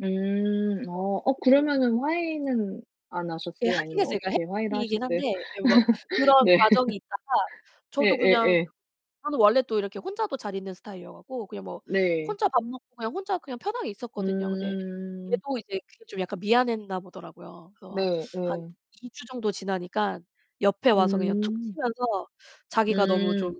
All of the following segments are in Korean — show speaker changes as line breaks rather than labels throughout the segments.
음 어 어
[unintelligible]
그러면은 화해는 안
예,
하셨어요?
하긴
아니면
했어요 그러니까
어떻게 화해를
[unintelligible]
하셨어요?
한데 예 뭐 그런
네.
과정이 있다가 저도 그냥
예예예.
저는 원래 또 이렇게 혼자도 잘 있는 스타일이어가고 그냥 뭐
네.
혼자 밥 먹고 그냥 혼자 그냥 편하게 있었거든요. 근데
음.
얘도 이제 그게 좀 약간 미안했나 보더라고요. 그래서
네,
한
예.
2 주 정도 지나니까 옆에 와서 그냥 툭
음.
치면서 자기가 너무 좀
음.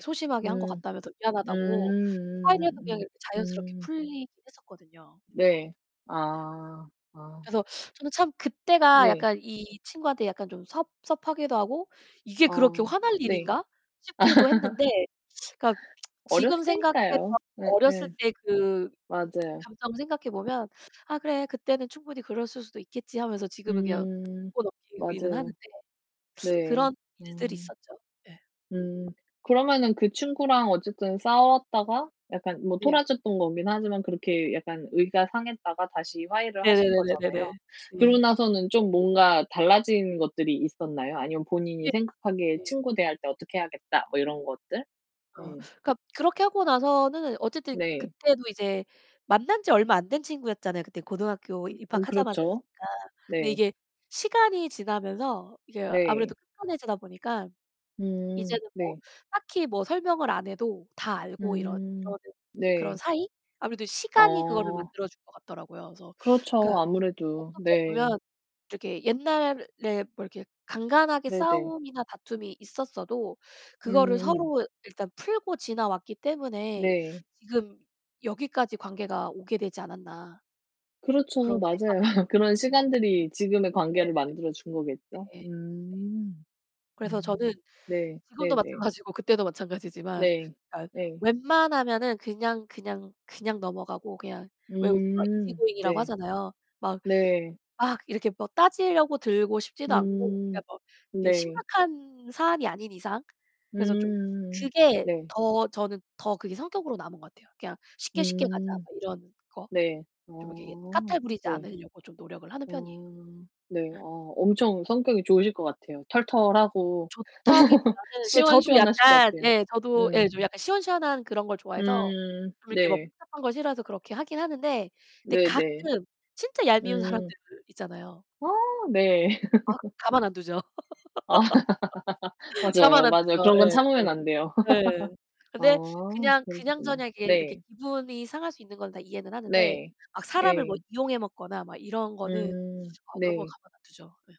소심하게 한 것
음.
같다면서
음
미안하다고 화해를 해서 그냥
음음음.
자연스럽게
음.
풀리긴 했었거든요.
네. 아 아.
그래서 저는 참 그때가
네.
약간 이 친구한테 약간 좀 섭섭하기도 하고, 이게 그렇게
어
화날
네.
일인가 싶기도 했는데, 그러니까
어렸을
지금 생각해
때니까요.
봐도 어렸을
예예.
때 그
맞아요.
감정을 생각해 보면, '아 그래, 그때는 충분히 그랬을 수도 있겠지.' 하면서 지금은 그냥
음
웃고 넘기기는 하는데
맞아요. 네.
그런 일들이
음.
있었죠. 네.
음 그러면 그 친구랑 어쨌든 싸웠다가 약간 뭐
네네.
토라졌던 거긴 하지만 그렇게 약간 의가 상했다가 다시 화해를 하신
네네네네네네.
거잖아요. 그러고
네.
나서는 좀 뭔가 달라진 것들이 있었나요? 아니면 본인이
예,
생각하기에
예.
친구 대할 때 어떻게 해야겠다, 뭐 이런 것들?
어
네.
그러니까 그렇게 하고 나서는 어쨌든
네.
그때도 이제 만난 지 얼마 안 된 친구였잖아요. 그때 고등학교
응 그렇죠.
입학하자마자였으니까. 근데
네.
이게 시간이 지나면서 이게 아무래도
네.
[unintelligible] 편해지다 보니까.
음
이제는 뭐
네.
딱히 뭐 설명을 안 해도 다 알고 이러
음
이러는 그런
네.
사이? 아무래도 시간이 그거를
어.
만들어준 것 같더라고요. 그래서
그렇죠,
그러니까
아무래도.
어떻게
네.
보면 이렇게 옛날에 뭐 이렇게 간간하게
네, 네.
싸움이나 다툼이 있었어도 그거를
음.
서로 일단 풀고 지나왔기 때문에
네.
지금 여기까지 관계가 오게 되지 않았나
그렇죠,
그런 생각이
맞아요. 그런
들더라고요. 네.
시간들이 지금의
네.
관계를 만들어 준 거겠죠.
예. 네.
음.
그래서 저는
음 네,
지금도
네, 네.
마찬가지고 그때도 마찬가지지만
네.
그니까
네.
웬만하면은 그냥, 그냥, 그냥 넘어가고 왜 우리 막
음
이지고잉이라고
네.
하잖아요. 막,
네.
막 이렇게 뭐 따지려고 들고 싶지도 않고 그니까
음
뭐
네.
심각한 사안이 아닌 이상. 그래서 좀
음
그게
네.
더 저는 더 그게 성격으로 남은 것 같아요. 그냥 쉽게 쉽게 가자
음.
뭐 이런 거.
네.
좀 이렇게
어
까탈부리지
네.
않으려고 좀 노력을 하는 편이에요.
어 네,
네.
어 엄청 성격이 좋으실 것 같아요. 털털하고
좋다기보다는 그 저도
시원시원하실 것
약간
같아요.
예, 저도 예
음.
좀 약간 시원시원한 그런 걸 좋아해서
음
좀 이렇게 뭐
네.
복잡한 걸 싫어해서 그렇게 하긴 하는데 근데
네, 네.
가끔 진짜 얄미운 사람들
음.
있잖아요.
아, 네.
아, 가만 안 두죠.
아.
가만
맞아요,
안
맞아요.
두죠.
그런 건
예예.
참으면 안 돼요.
예.
아
근데 그냥
그러시구나.
그냥저냥 이렇게 이렇게
네.
기분이 상할 수 있는 건 다 이해는 하는데
네.
막 사람을 뭐
예.
이용해 먹거나 막 이런 거는
음
어 그런 건
네.
가만 안 두죠. 예.